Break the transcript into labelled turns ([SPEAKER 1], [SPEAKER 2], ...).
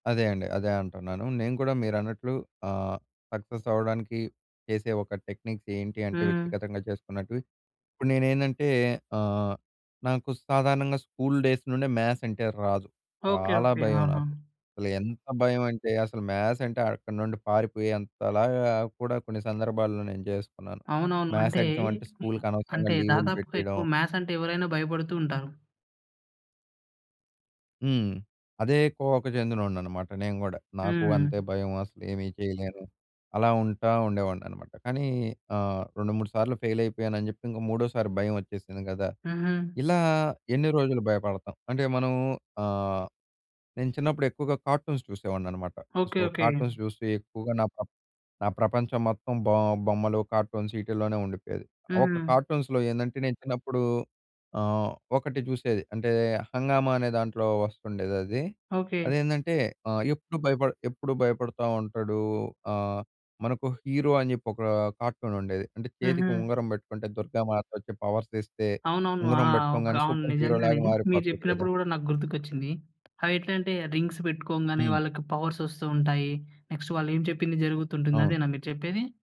[SPEAKER 1] అదే అండి. అదే అంటున్నాను. నేను కూడా మీరన్నట్లు ఆహ్, సక్సెస్ అవ్వడానికి చేసే ఒక టెక్నిక్ ఏంటి అంటే
[SPEAKER 2] హ్మ్.
[SPEAKER 1] వ్యక్తిగతంగా చేసుకున్నట్టువి. ఇప్పుడు నేనేందంటే ఆహ్, నాకు సాధారణంగా స్కూల్ డేస్ నుండే మ్యాథ్స్ అంటే రాదు.
[SPEAKER 2] ఓకే.
[SPEAKER 1] చాలా
[SPEAKER 2] ఓకే.
[SPEAKER 1] భయం
[SPEAKER 2] ఆహా!
[SPEAKER 1] నాకు. అసలు ఎంత భయం అంటే అసలు మ్యాథ్స్ అంటే, అక్కడి నుండి పారిపోయేంత లాగా కూడా కొన్ని సందర్భాల్లో నేను జేసుకున్నాను.
[SPEAKER 2] అవునవును.
[SPEAKER 1] మ్యాథ్స్
[SPEAKER 2] అంటే
[SPEAKER 1] ఎగ్జామ్ అంటే
[SPEAKER 2] హ్మ్.
[SPEAKER 1] స్కూలుకి అనవసరంగా
[SPEAKER 2] అంటే
[SPEAKER 1] లీవులు
[SPEAKER 2] దాదాపుగా
[SPEAKER 1] పెట్టేయడం.
[SPEAKER 2] ఎక్కువ మ్యాథ్సంటే ఎవరైనా భయపడుతూంటారు.
[SPEAKER 1] హ్మ్. అదే కోవకు చెందినోడినన్నమాట నేను కూడా. నాకు అంతే
[SPEAKER 2] హ్మ్.
[SPEAKER 1] భయం, అసలేమీ జేయలేను. అలా ఉంటా ఉండేవాడినన్నమాట. కానీ ఆహ్, రెండు మూడు సార్లు ఫెయిల్ అయిపోయానని జెప్పి ఇంక మూడోసారి భయమొచ్చేసింది గదా!
[SPEAKER 2] హుహు.
[SPEAKER 1] ఇలా ఎన్ని రోజులు భయపడతాం! అంటే మనము ఆహ్, నేను చిన్నప్పుడు ఎక్కువగా కార్టూన్స్ జూసేవాడినన్నమాట.
[SPEAKER 2] ఓకే.
[SPEAKER 1] So,
[SPEAKER 2] okay.
[SPEAKER 1] కార్టూన్స్ జూస్తూ ఎక్కువగా నా ప్ర నా ప్రపంచం మొత్తం బో బొమ్మలు, కార్టూన్స్ ఈటిల్లోనే ఉండిపోయేది. ఒక
[SPEAKER 2] హుహు.
[SPEAKER 1] కార్టూన్స్‌‌లో ఏందంటే నేను చిన్నప్పుడు ఆహ్, ఒకటి చూసేది అంటే హంగామా అనే దాంట్లో ఒస్తుండేదది.
[SPEAKER 2] ఓకే.
[SPEAKER 1] అదేందంటే ఆహ్, ఎప్పుడు భయపడ ఎప్పుడు భయపడతా ఉంటాడు. ఆహ్, మనకు హీరో అని జెప్పి ఒక కార్టూన్ ఉండేది. అంటే చేతికి
[SPEAKER 2] హుహు.
[SPEAKER 1] ఉంగరం బెట్టుకుంటే దుర్గామాతొచ్చి పవర్స్ ఇస్తే,
[SPEAKER 2] అవునవును. ఆ!
[SPEAKER 1] ఉంగరం
[SPEAKER 2] ఓకే.
[SPEAKER 1] బెట్టుకోగానే
[SPEAKER 2] అవును.
[SPEAKER 1] సూపర్ హీరో
[SPEAKER 2] నిజంగానే.
[SPEAKER 1] లాగా
[SPEAKER 2] మీరు
[SPEAKER 1] మారిపోతాడు గదా!
[SPEAKER 2] జెప్పినప్పుడు కూడా నాకు గుర్తుకొచ్చింది. అయి ఎట్లాంటే రింగ్స్ పెట్టుకోగానే
[SPEAKER 1] హ్మ్.
[SPEAKER 2] వాళ్ళకి పవర్స్ వస్తూ ఉంటాయి. నెక్స్ట్ వాళ్ళేం చెప్పింది జరుగుతుంటుంది.
[SPEAKER 1] అవును.
[SPEAKER 2] అదేనా మీరు చెప్పేది?